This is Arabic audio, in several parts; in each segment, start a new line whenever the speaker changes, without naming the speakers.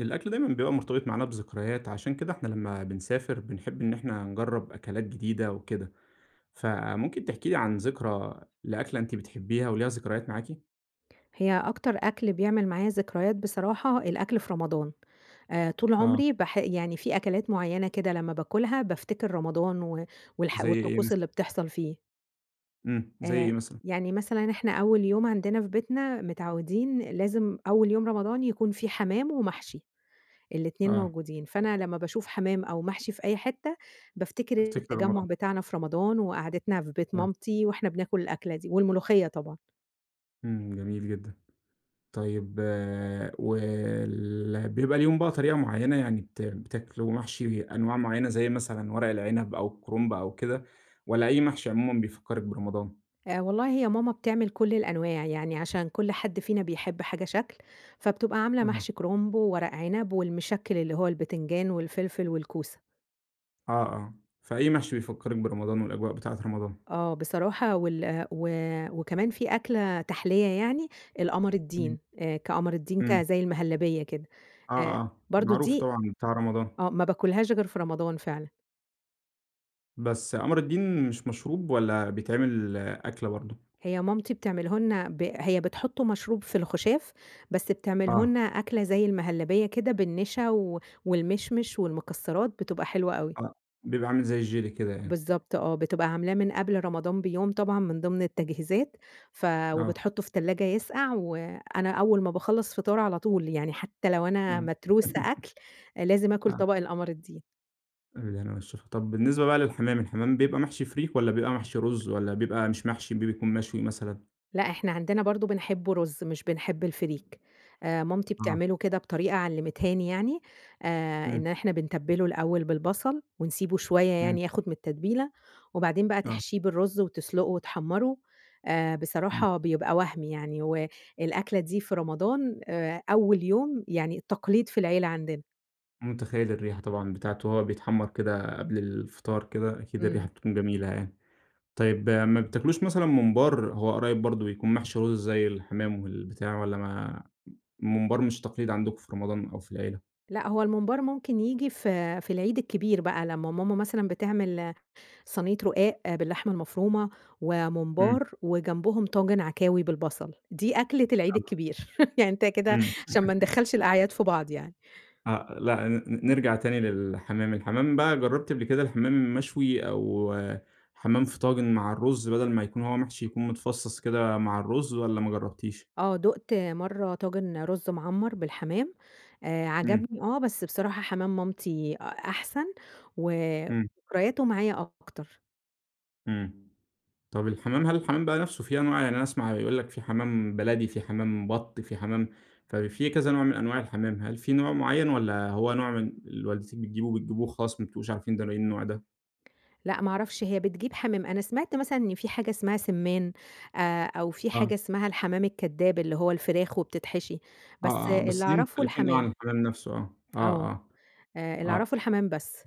الأكل دايمًا بيبقى مرتبط معانا بذكريات، عشان كده إحنا لمّا بنسافر بنحب إن إحنا نجرّب أكلات جديدة وكده. فممكن تحكي لي عن ذكرى لأكلة أنتِ بتحبّيها وليها ذكريات معاكِ؟
هي أكتر أكل بيعمل معايا ذكريات بصراحة الأكل في رمضان. آآ طول
آه.
عمري باح يعني في أكلات معينة كده لمّا بآكلْها بافتكر رمضان، و والح
زَي إيه
والطقوس
مثلًا؟
اللي بتحصل فيه.
امم، زَي إيه
آآ
مثلًا؟
يعني مثلًا إحنا أول يوم عندنا في بيتنا متعودين لازم أول يوم رمضان يكون في حمَام ومحشي، ال2
آه.
موجودين، فأنا لمّا باشوف حمَام أو محشي في أي حتة بافتكر
بتفتكري
التجمّع
رمضان.
بتاعنا في رمضان، وقعْدتنا في بيت
آه.
مامتي وإحنا بناكل الأكلة دي، والملوخية طبعًا.
امم، جميل جدًا. طيب وال بيبقى ليهم بقى طريقة معينة، يعني بت بتاكلوا محشي أنواع معينة، زي مثلًا ورق العنب أو الكرنب أو كده، والّا أي محشي عمومًا بيفكرِك برمضان؟
آآ والله هي ماما بتعمل كُل الأنواع، يعني عشان كل حد فينا بيحب حاجة شكْل، فبتبقى عاملة
أها.
محشي كرنب وورق عنب والمشكّل اللي هو البتنجان والفلفل والكوسة.
آه، آه، فأي محشي بيفكرِك برمضان والأجواء بتاعة رمضان.
آه، بصراحة وال و وكمان في أكلة تحلية يعني القمر
امم.
الدين، كقمر الدين ك
امم.
زي المهلبية كده.
آه،
آآ
آه،
برضو
معروف
دي
طبعًا بتاع رمضان.
آه، ما باكلهاش غير في رمضان فعلًا.
بس قمر الدين مش مشروب؟ والّا بيتعمل أكلة برضو؟
هي مامتي بتعمله لنا ب هي بتحطه مشروب في الخشاف، بس بتعمله
آه.
لنا أكلة زي المهلبية كده بالنشا و والمشمش والمكسرات، بتبقى حلوة أوي.
آه، بيبقى عامل زي الjelly كده يعني.
بالضبط آه. بتبقى عاملاه من قبل رمضان بيوم طبعًا من ضمن التجهيزات، ف
آه.
وبتحطه في التلاجة يسقع، وأنا أول ما باخلّص فطار على طول، يعني حتى لو أنا
امم.
متروسة أكل، لازم آكل
آه.
طبق القمر الدين.
بالهنا والشفا. طب بالنسبة بقى للحمام، الحمام بيبقى محشي فريك، والّا بيبقى محشي رز، والّا بيبقى مش محشي ب بيكون مشوي مثلًا؟
لا إحنا عندنا برضو بنحبه رز، مش بنحب الفريك. آآ، مامتي
آه.
بتعمله كده بطريقة علمتها لي يعني، آآ
امم.
إن إحنا بنتبله الأول بالبصل، ونسيبه شوية
امم.
يعني ياخد من التتبيلة، وبعدين بقى
آه.
تحشيه بالرز وتسلقه وتحمره، آآ
امم.
بصراحة بيبقى وهمي يعني. والأكلة دي في رمضان آآ أول يوم يعني تقليد في العيلة عندنا.
متخيل الريحة طبعًا بتاعته وهو بيتحمر كده قبل الفطار كده، أكيد الريحة
إمم.
بتكون جميلة يعني. طيب ما بتاكلوش مثلًا ممبار، هو قريب برضو بيكون محشي رز زي الحمام والبتاع، والَّا ما الممبار مش تقليد عندكم في رمضان أو في العيلة؟
لأ، هو الممبار ممكن ييجي في في العيد الكبير بقى، لمّا ماما مثلًا بتعمل صينية رقاق باللحمة المفرومة
إمم.
وممبار، وجنبهم طاجن عكاوي بالبصل، دي أكلة العيد
[unintelligible]
الكبير. يعني أنت كده
إمم.
عشان ما ندخّلش الأعياد في بعض يعني.
آه، لأ، ن نرجع تاني للحمام، الحمام بقى جربتِ قبل كده الحمام مشوي أو حمام في طاجن مع الرز بدل ما يكون هو محشي يكون متفصص كده مع الرز، والَّا ما جربتيش؟
آه، دُقت مرة طاجن رز معمر بالحمام، آآ
إمم.
عجبني آه، بس بصراحة حمام مامتي أ أحسن و
إمم.
وذكرياته معايا أكتر.
إمم، طب الحمام هل الحمام بقى نفسه في أنواع؟ يعني أنا أسمع يقول لك في حمام بلدي، في حمام بط، في حمام ففي كذا نوع من أنواع الحمام. هل في نوع معين، والَّا هو نوع من اللي والدتِك بتجيبه، بتجيبه وخلاص ما بتبقوش عارفين ده ايه النوع ده؟
لأ ما أعرفش هي بتجيب حمام، أنا سمعت مثلًا إن في حاجة اسمها سِمّان آآ، أو في
آه.
حاجة اسمها الحمام الكداب اللي هو الفراخ وبتتحشي. بس
آه، آه،
اللي
بس دي
أعرفه
مختلفين اوي عن
الحمام.
الحمام نفسه آه،
آه،
آه،
آآ
آه،
اللي
آه.
أعرفه الحمام بس.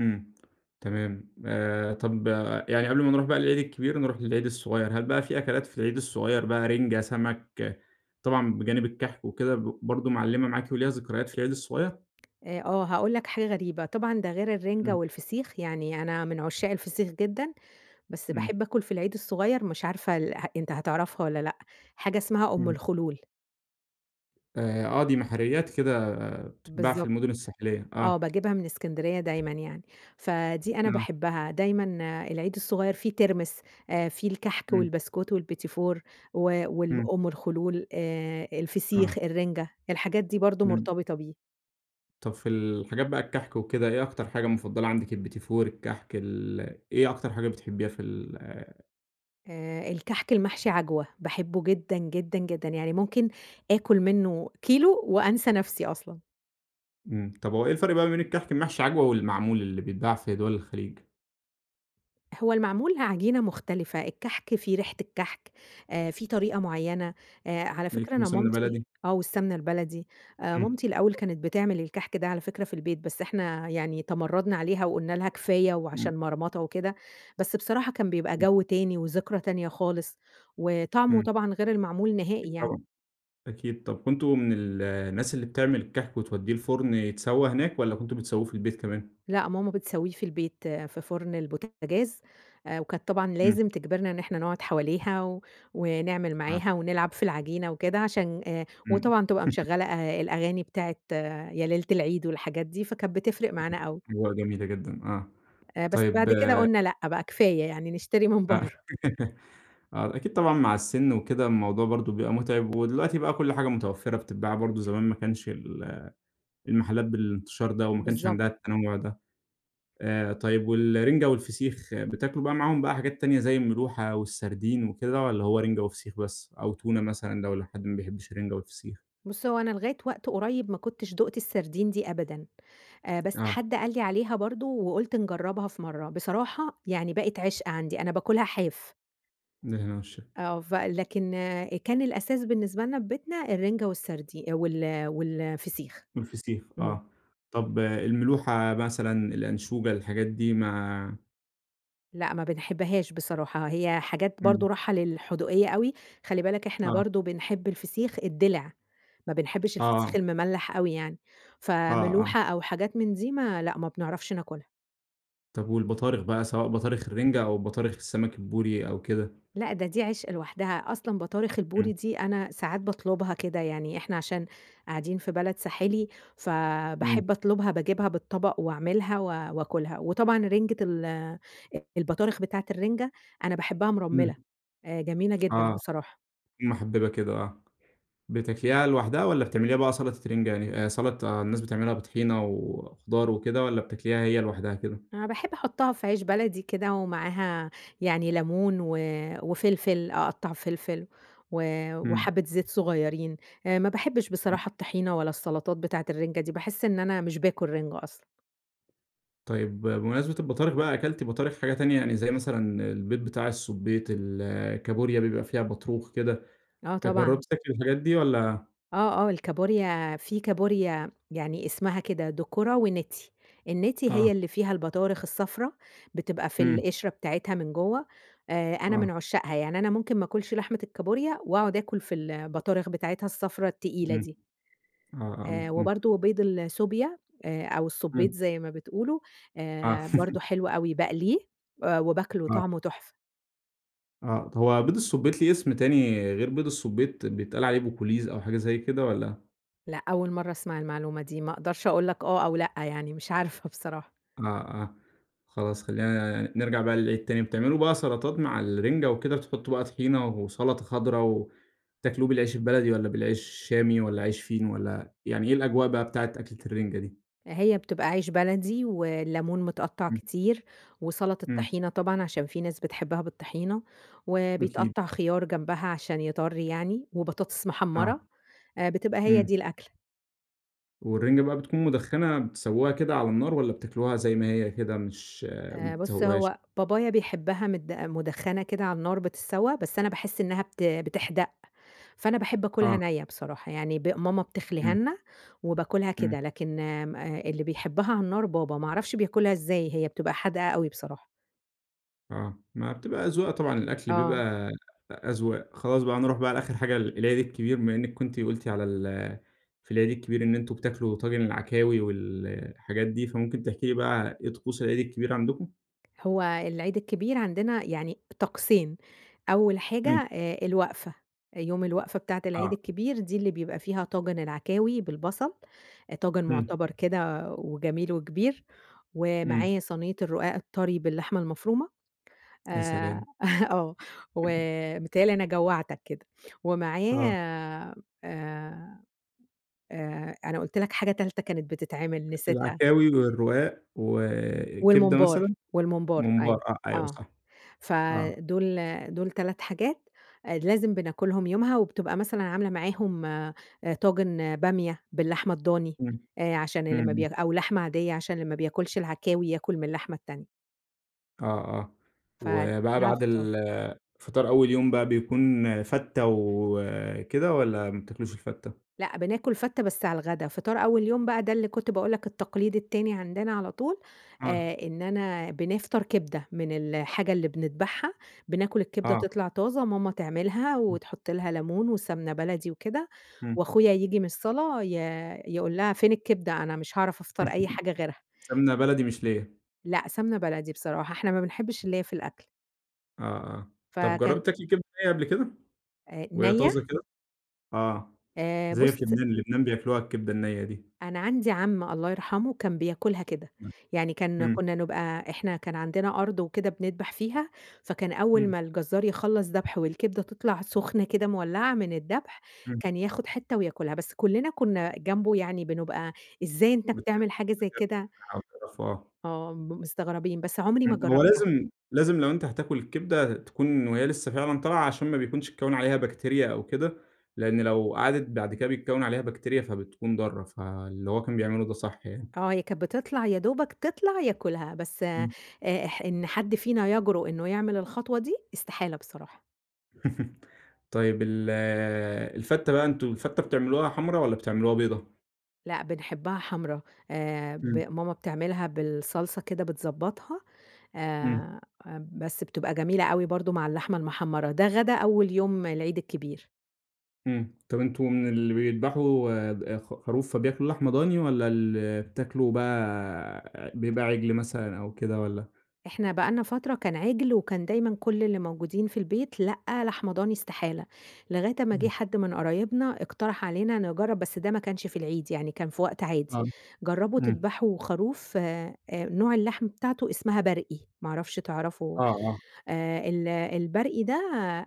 إمم. تمام آآ، طب يعني قبل ما نروح بقى للعيد الكبير نروح للعيد الصغير، هل بقى في أكلات في العيد الصغير بقى رنجة، سمك، طبعًا بجانب الكحك وكده برضو معلمة معاكِ وليها ذكريات في العيد الصغير؟
آآ آه، هاقول لك حاجة غريبة، طبعًا ده غير الرنجة
إمم.
والفسيخ يعني أنا من عشاق الفسيخ جدًا، بس باحب
إمم.
آكُل في العيد الصغير مش عارفة اله أنت هتعرفها والّا لأ، حاجة اسمها أم
إمم.
الخلول.
آآ، آه دي محاريات كده بتتباع في
بالضبط.
المدن الساحلية.
آه،
آه.
باجيبها من إسكندرية دايمًا يعني. فدي أنا
إمم.
باحبها دايمًا العيد الصغير فيه ترمس آآ، فيه الكحك
إمم.
والبسكوت والبيتيفور و وال
إمم.
أم الخلول آآ، الفسيخ،
آه.
الرنجة، الحاجات دي برضو
إمم.
مرتبطة بيه.
طب، في الحاجات بقى الكحك وكده، إيه أكتر حاجة مفضلة عندِك اليبتيفور، الكحك ال إيه أكتر حاجة بتحبيها في ال
آآ الكحك المحشي عجوة، باحبّه جدًا، جدًا، جدًا، يعني ممكن آكل منه كيلو وأنسى نفسي أصلًا.
امم. طب هو إيه الفرق بقى بين الكحك المحشي عجوة والمعمول اللي بيتباع في دوَل الخليج؟
هو المعمول عجينة مختلفة، الكحك فيه ريحة الكحك. آآ في طريقة معيّنة. آآ على
ده
فكرة
يكون
أنا
بسمنة
مامتي
بلدي.
آه، والسمنة البلدي. آآ
امم.
مامتي الأول كانت بتعمل الكحك ده على فكرة في البيت، بس إحنا يعني تمردنا عليها وقلنا لها كفاية
امم.
وعشان مرمطة وكده. بس بصراحة كان بيبقى
امم.
جو تاني وذكرى تانية خالص، وطعمه
امم.
طبعًا غير المعمول نهائي
أكيد
يعني.
طبعًا، أكيد. طب كنتم من ال الناس اللي بتعمل الكحك وتوديه الفرن يتسوى هناك، والّا كنتم بتسووه في البيت كمان؟
لأ، ماما بتسويه في البيت في فرن البوتجاز، وكانت طبعًا
امم.
لازم تجبرنا إن إحنا نقعد حواليها، ونعمل
آه.
معاها ونلعب في العجينة وكده، عشان آآ
امم.
وطبعًا تبقى مشغّلة أ الأغاني بتاعة يا ليلة العيد والحاجات دي، فكانت بتفرق معانا أوي.
أجواء جميلة جدًا آه.
آآ بس
طيب
بعد
آآ
كده قلنا لأ، بقى كفاية يعني نشتري من
آه.
برّه.
آه، أكيد طبعًا مع السن وكده الموضوع برضو بيبقى متعب، ودلوقتي بقى كل حاجة متوفرة بتتباع، برضو زمان ما كانش ال المحلات بالانتشار ده، وما كانش
بالضبط.
عندها التنوع ده. آآ طيب والرنجة والفسيخ بتاكلوا بقى معاهم بقى حاجات تانية زي الملوحة والسردين وكده، والّا هو رنجة وفسيخ بس، أو تونة مثلًا لو لحد ما بيحبش الرنجة والفسيخ؟
بُص هو أنا لغاية وقت قريب ما كنتش دُقت السردين دي أبدًا. آآ بس
آه.
حد قال لي عليها برضو وقلت نجربها في مرّة، بصراحة يعني بقت عشق عندي، أنا باكلها حاف.
بالهنا والشفا.
آه، فلكن كان الأساس بالنسبة لنا في بيتنا، الرنجة والسردي وال والفسيخ.
والفسيخ،
امم.
آه، طب الملوحة مثلًا، الأنشوجة، الحاجات دي ما
لأ، ما بنحبهاش بصراحة، هي حاجات برضه
إمم.
رايحة للحدوقية أوي. خلي بالك، إحنا
آه.
برضه بنحب الفسيخ الدِلِع، ما بنحبش
آه.
الفسيخ المملح أوي يعني.
آه، آه.
فملوحة أو حاجات من دي ما لأ، ما بنعرفش ناكلها.
طب والبطارخ بقى، سواء بطارخ الرنجة أو بطارخ السمك البوري أو كده؟
لأ، ده دي عشق لوحدها. أصلًا بطارخ البوري
امم.
دي، أنا ساعات باطلبها كده، يعني إحنا عشان قاعدين في بلد ساحلي
إمم.
فباحب أطلبها، باجيبها بالطبق وأعملها و وآكلها. وطبعًا رنجة ال البطارخ بتاعة الرنجة، أنا باحبها
امم.
مرملّة، آآ، جميلة جدًا
آه،
بصراحة.
محببة كده، آه. بتاكليها لوحدها والّا بتعمليها بقى سلطة رنجة يعني، آآ، سلطة الناس بتعملها بطحينة وخضار وكده والّا بتاكليها هي لوحدها كده؟
أنا باحب أحطها في عيش بلدي كده ومعاها يعني ليمون و وفلفل، أقطّع فلفل و
إمم.
وحبة زيت صغيرين. آآ، ما بحبش بصراحة
[unintelligible]
الطحينة ولا السلطات بتاعة الرنجة دي، باحس إن أنا مش باكل رنجة أصلًا.
طيب بمناسبة البطارخ بقى، أكلتِ بطارخ حاجة تانية؟ يعني زي مثلًا البيض بتاع السُبيط، ال الكابوريا بيبقى فيها بطروخ كده،
آه،
آآ،
طبعًا.
جربتِ تاكلي الحاجات دي والّا
آه، آه، الكابوريا في كابوريا يعني اسمها كده، دُكرة ونِتْي. النِتْي
آه.
هي اللي فيها البطارخ الصفرا بتبقى في
إمم.
القشرة بتاعتها من جوّه، آآ، أنا من
آه.
عشاقها، يعني أنا ممكن ما آكلش لحمة الكابوريا، وأقعد آكل في البطارخ بتاعتها الصفرا التقيلة
إمم،
دي.
آه، آه، آه.
آآ،
مفهوم.
وبرضه بيض السوبيا، آآ أو السبيط-
إمم.
زي ما بتقولوا-
آه.
آآ، برضه حلو أوي. باقليه آآ، وباكله،
آه
طعمه تحفة.
آه، طب هو بيض السبيط ليه اسم تاني غير بيض السبيط، بيتقال عليه بكلويز أو حاجة زي كده؟ والّا
لأ، أول مرة أسمع المعلومة دي. ما أقدرش أقول لك آه أو لأ، يعني مش عارفة بصراحة.
آه، آه، خلاص خلينا ن نرجع بقى للإيه التاني، بتعملوا بقى سلطات مع الرنجة وكده، بتحطوا بقى طحينة وسلطة خضرا وتاكلوه بالعيش البلدي والّا بالعيش الشامي والّا عيش فينو والّا يعني إيه الأجواء بقى بتاعة أكلة الرنجة دي؟
آآ، هي بتبقى عيش بلدي والليمون متقطع
إمم.
كتير وسلطة
إمم.
طحينة طبعًا، عشان في ناس بتحبها بالطحينة،
أكيد.
وبيتقطع خيار جنبها عشان يطرّي يعني، وبطاطس محمرة،
آه،
آآ، بتبقى هي دي
إمم.
الأكلة.
والرنجة بقى بتكون مُدخّنة، بتسوُّوها كده على النار، والّا بتاكلوها زي ما هي كده مش ما
آآ بُص،
بتسوُّوهاش؟
هو بابايا بيحبها مد مدخّنة كده على النار بتتسوّى. بس أنا باحس إنّها بت بتحْدَق، فأنا باحب آكلْها
آه.
نَيّة بصراحة. يعني ب ماما بتخلِيها
امم،
لنا وباكلها
امم.
كده. لكن آمم آآ اللي بيحبها على النار بابا، ما أعرفش بياكلها إزاي! هي بتبقى حادْقة أوي بصراحة.
آه، ما بتبقى أذواق طبعًا، الأكل
آه.
بيبقى أ أذواق. خلاص بقى نروح بقى على آخر حاجة ال العيد الكبير بما إنّك كنت قلتِ على ال في العيد الكبير إن أنتم بتاكلوا طاجن العكاوي وال الحاجات دي، فممكن تحكي لي بقى إيه طقوس العيد الكبير عندكم؟
هو العيد الكبير عندنا يعني طقسين، أوّل حاجة
امم.
آآ الوقفة، آآ يوم الوقفة بتاعة العيد
آه.
الكبير دي اللي بيبقى فيها طاجن العكاوي بالبصل، طاجن
امم.
معتبَر كده وجميل وكبير،
إمم.
ومعاه صينية الرقاق الطري باللحمة المفرومة.
يا
آآ
سلام!
آه، و- بيتهيأ لي أنا جوّعْتك كده- ومعاه
آه.
آآ، آآ أنا قلت لك حاجة تالتة كانت بتتعمل،
ال
نسيتها.
العكاوي، والرقاق، و كبدة
والممبار،
مثلًا؟
والممبار
ممبار
أيوه،
آه، أيوَه
آه.
صح.
ف
آه.
دول دول 3 حاجات آآ لازم بناكلهم يومها، وبتبقى مثلًا عاملة معاهم آآ طاجن بامية باللحمة الضاني،
امم،
آآ عشان اللي ما ب-
اهم.
أو لحمة عاديّة- عشان اللي ما بياكلش العكاوي ياكل من اللحمة التانية.
آه، آه.
ف
وبقى
ده على
بعد
الفطار.
ال فِطار أول يوم بقى بيكون فتّة وكده، والّا ما بتاكلوش الفتّة؟
لأ، بناكل فتّة بس على الغدا، فِطار أول يوم بقى ده اللي كنت باقول لك التقليد التاني عندنا على طول،
آه.
آآ إن أنا بنفطر كبدة من الحاجة اللي بندبحها، بناكل الكبدة،
آه.
تطلع طازة ماما تعملها،
امم.
وتحط لها ليمون وسَمنة بلدي وكده،
امم.
وأخويا ييجي من الصلاة ي يقول لها: "فين الكبدة؟ أنا مش هاعرف أفطر أي حاجة غيرها."
سَمنة بلدي مش ليَّة.
لا سَمنة بلدي بصراحة، إحنا ما بنحِبش الليَّة في الأكل.
آه، آه. طَب
فكان
جرّبتِ تاكلي كبدة نَيّة قبْل كده،
آآ
وهي
نَيّة؟
طازة كده؟ آه،
آآ
زَي
بُص
في لبنان، لبنان بياكلوها الكبدة النَيّة دي.
أنا عندي عم- الله يرحمه- كان بياكلها كده.
[unintelligible]
يعني كان
امم.
كنا نبقى إحنا كان عندنا أرض وكده بندبح فيها، فكان أول
امم.
ما الجزار يخلَّص دبْح، والكبدة تطلع سخنة كده مولّعة من الدبح،
إمم.
كان ياخد حتة وياكلها. بس كلّنا كنا جنبه يعني بنبقى "إزاي أنت
بت
بتعمل حاجة زي
[unintelligible]
كده؟!"
تقرفوا آه.
آه، م مستغربين، بس عمري ما
امم، هو
جرّبْتها.
لازم لازم لو أنت هتاكل الكبدة تكون وهي لسه فعلًا طالعة، عشان ما بيكونش اتكوّن عليها بكتيريا أو كده. لإن لو قعدِت بعد كده بيتكوّن عليها بكتيريا فبتكون ضارة، فاللي هو كان بيعمله ده صح يعني.
آه، هي كانت بتطلَع، يا دوبك تِطلَع ياكلها. بس آآ
امم.
اح إن حد فينا يجرؤ إنه يعمل الخطوة دي؛ استحالة بصراحة.
طيب ال الفتة بقى أنتم الفتة بتعملوها حمرا؟ والّا بتعملوها بيضا؟
لأ، بنحبها حمرا. آآ ب
إمم.
ماما بتعملها بالصلصة كده بتضبّطها
إمم.
آآ، بس بتبقى جميلة أوي برضو مع اللحمة المحمرة، ده غدا أول يوم العيد الكبير.
إمم، طب أنتم من اللي بيدبحوا خ خروف فبياكلوا لحمة ضاني؟ والّا اللي بتاكلوا بقى بيبقي عجل مثلًا أو كده والّا؟
إحنا بقى لنا فترة كان عِجل وكان دايمًا كل اللي موجودين في البيت لأ، لحمة ضاني استحالة. لغاية أمّا جه
إمم.
حد من قرايبنا اقترح علينا نجرب بس ده ما كانش في العيد يعني كان في وقت عادي،
آه،
جربوا
إمم.
تدبحوا خروف آآ، نوع اللحم بتاعته اسمها برقي، ما أعرفش تعرفه؟
آه، آه.
آآ ال البرقي ده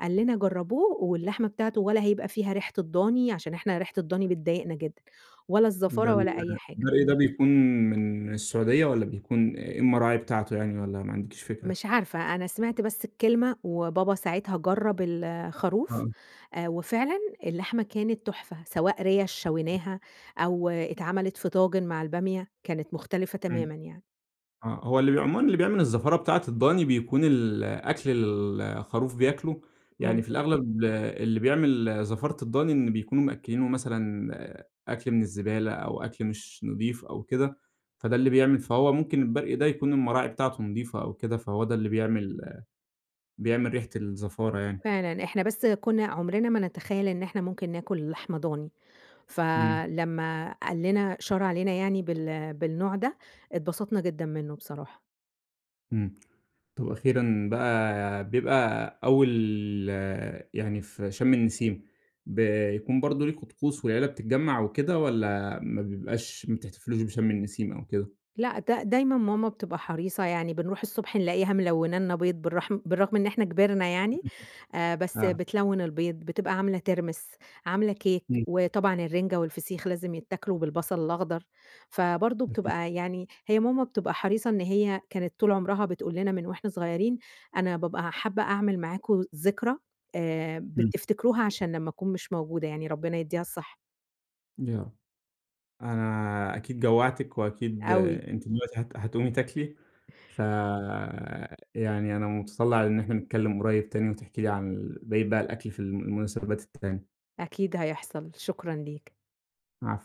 قال لنا جربوه واللحمة بتاعته ولا هيبقى فيها ريحة الضاني،- عشان إحنا ريحة الضاني بتضايقنا جدًا- ولا
ده
الزفارة
ال
ولا أي حاجة.
البرقي ده بيكون من السعودية؟ والّا بيكون إيه المراعي بتاعته يعني؟ والّا ما عندكيش فكرة؟
مش عارفة، أنا سمعت بس الكلمة وبابا ساعتها جرب الخروف،
آه.
وفعلًا اللحمة كانت تحفة سواء ريَش شويناها، أو اتعملت في طاجن مع البامية كانت مختلفة
إمم،
تمامًا يعني.
آه، هو اللي بي عمومًا اللي بيعمل الزفارة بتاعة الضاني، بيكون الأكل اللي الخروف بياكله، يعني في
ممكن.
الأغلب اللي بيعمل زفارة الضاني إن بيكونوا مأكلينه مثلًا أكل من الزبالة أو أكل مش نظيف أو كده، فده اللي بيعمل فهو ممكن البرقي ده يكون المراعي بتاعته نظيفة أو كده، فهو ده اللي بيعمل بيعمل ريحة الزفارة يعني.
فعلًا، إحنا بس كنا عمرنا ما نتخيل إن إحنا ممكن ناكل لحمة ضاني،
إمم.
فلمّا قال لنا شار علينا يعني بال بالنوع ده، اتبسطنا جدًا منه بصراحة.
إمم، طب أخيرًا بقى بيبقى أول يعني في شم النسيم، بيكون برضو ليكم طقوس والعيلة بتتجمع وكده؟ والّا ما بيبقاش ما بتحتفلوش بشم النسيم أو كده؟
لأ، د دايمًا ماما بتبقى حريصة يعني بنروح الصبح نلاقيها ملونة لنا بيض بالرحم بالرغم إن إحنا كبرنا يعني آآ، بس
آه.
بتلون البيض، بتبقى عاملة ترمس، عاملة كيك،
إمم.
وطبعًا الرنجة والفسيخ لازم يتاكلوا بالبصل الاخضر. فبرضو
أكيد.
بتبقى يعني هي ماما بتبقى حريصة إن هي كانت طول عمرها بتقول لنا من وإحنا صغيرين: "أنا بابقى حابة أعمل معاكم ذكرى آآ،
إمم.
بتفتكروها علشان لما أكون مش موجودة"، يعني ربنا يديها الصحة.
آه، أنا أكيد جوعتِك، وأكيد
أوي.
أنتِ دلوقتي هت هتقومي تاكلي، فيعني أنا متطلع إن إحنا نتكلم قريب تاني وتحكي لي عن ال بقية بقي الأكل في المناسبات التانية.
أكيد هيحصل، شكرًا ليك.
عفوًا.